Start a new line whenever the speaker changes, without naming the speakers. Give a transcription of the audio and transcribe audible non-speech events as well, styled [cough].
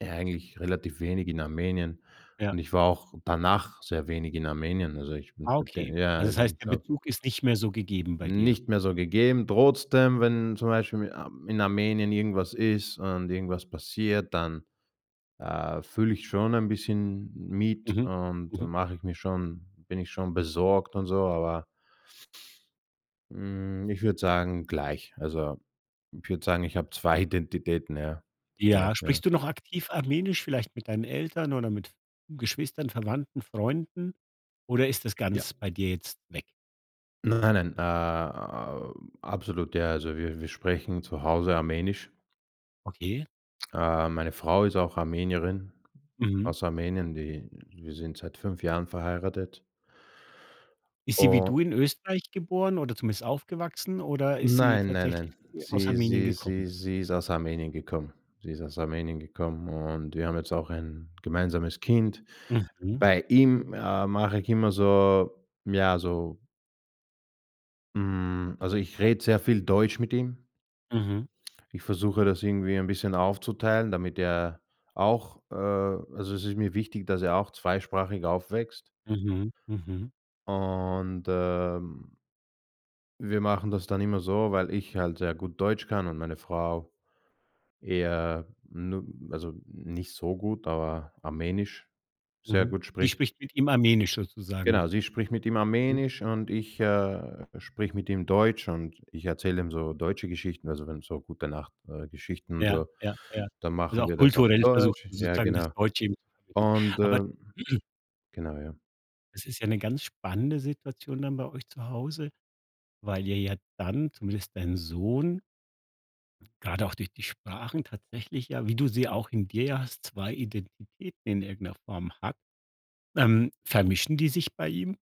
Ja, eigentlich relativ wenig in Armenien,
Ja.
und ich war auch danach sehr wenig in Armenien. Also, ich bin
Ah, okay.
seitdem ja,
Also, das
also,
heißt,
ich
der
glaube
Bezug ist nicht mehr so gegeben bei dir.
Nicht mehr so gegeben. Trotzdem, wenn zum Beispiel in Ar in Armenien irgendwas ist und irgendwas passiert, dann, äh, fühle ich schon ein bisschen mit
Mhm,
und
mhm.
mache ich mir schon bin ich schon besorgt und so, aber Hm, ich würde sagen, gleich. Also, ich würde sagen, ich habe 2 Identitäten, ja?
Ja.
Vielleicht, ja.
Sprichst du noch aktiv Armenisch, vielleicht mit deinen Eltern oder mit V Geschwistern, Verwandten, Freunden? Oder ist das
Ja.
ganz bei dir jetzt weg?
Nein, nein. Äh, a absolut, ja. Also, wir wir sprechen zu Hause Armenisch.
Okay.
Äh, meine Frau ist auch Armenierin,
Mhm.
aus Armenien. Die wir sind seit 5 Jahren verheiratet.
Ist sie wie
U
du in Österreich geboren oder zumindest aufgewachsen oder ist sie
Nein, nein,
tatsächlich,
nein.
äh, aus
Sie
Armenien
sie
gekommen?
sie sie ist aus Armenien gekommen. Sie ist aus Armenien gekommen und wir haben jetzt auch ein gemeinsames Kind.
Mhm.
Bei ihm, äh, mache ich immer so ja, so Hm, also, ich rede sehr viel Deutsch mit ihm.
Mhm.
Ich versuche, das irgendwie ein bisschen aufzuteilen, damit er auch, äh also, es ist mir wichtig, dass er auch zweisprachig aufwächst.
Mhm, mhm.
Und, ähm wir machen das dann immer so, weil ich halt sehr gut Deutsch kann und meine Frau eher nu also, nicht so gut, aber Armenisch sehr
Mhm,
gut
die
spricht.
spricht mit ihm Armenisch sozusagen?
Genau, sie spricht mit ihm
Mhm. Wie
Armenisch und ich,
toll.
äh, spreche mit ihm Deutsch. Und ich erzähle ihm so deutsche Geschichten, also, wenn so gute Nacht, äh, Geschichten und
Ja,
so,
ja, ja.
dann
Also,
machen
auch
wir das auf
kulturell versucht
Deutsch.
ihr
Ja,
sozusagen das
genau.
Deutsche. [unintelligible]
Und,
Aber
ähm
[clears throat]
Genau, ja.
Es ist ja 'ne ganz spannende Situation dann bei euch zu Hause, weil ihr ja dann, zumindest dein Sohn gerade auch durch die Sprachen tatsächlich ja- wie du sie auch in dir ja hast- 2 Identitäten in irgend 'ner Form hat. Ähm, vermischen die sich bei ihm?